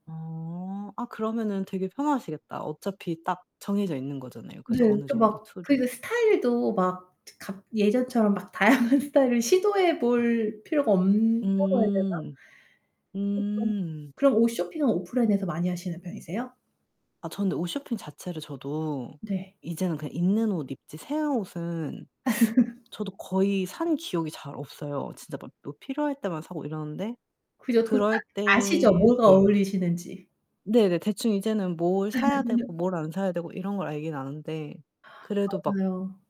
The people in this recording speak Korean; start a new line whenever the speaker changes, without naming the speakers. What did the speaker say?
어. 아 그러면은 되게 편하시겠다. 어차피 딱 정해져 있는 거잖아요.
네
그죠 어느
그러니까
정도
막
툴이.
그리고 스타일도 막 트 각 예전처럼 막 다양한 스타일을 시도해 볼 필요가 없다고 해야 되나?
음. 음.
[unintelligible] 그럼 옷 쇼핑은 오프라인에서 많이 하시는 편이세요?
아 저는 옷 쇼핑 자체를 저도
네.
이제는 그냥 있는 옷 입지 새 옷은 저도 거의 산 기억이 잘 없어요. 진짜 막 뭐 필요할 때만 사고 이러는데
그죠? 그
그럴
아 아시죠?
때
뭐가
네.
어울리시는지?
네네. 대충 이제는 뭘 사야 되고 뭘 안 사야 되고 이런 걸 알긴 아는데 그래도 막
맞아요.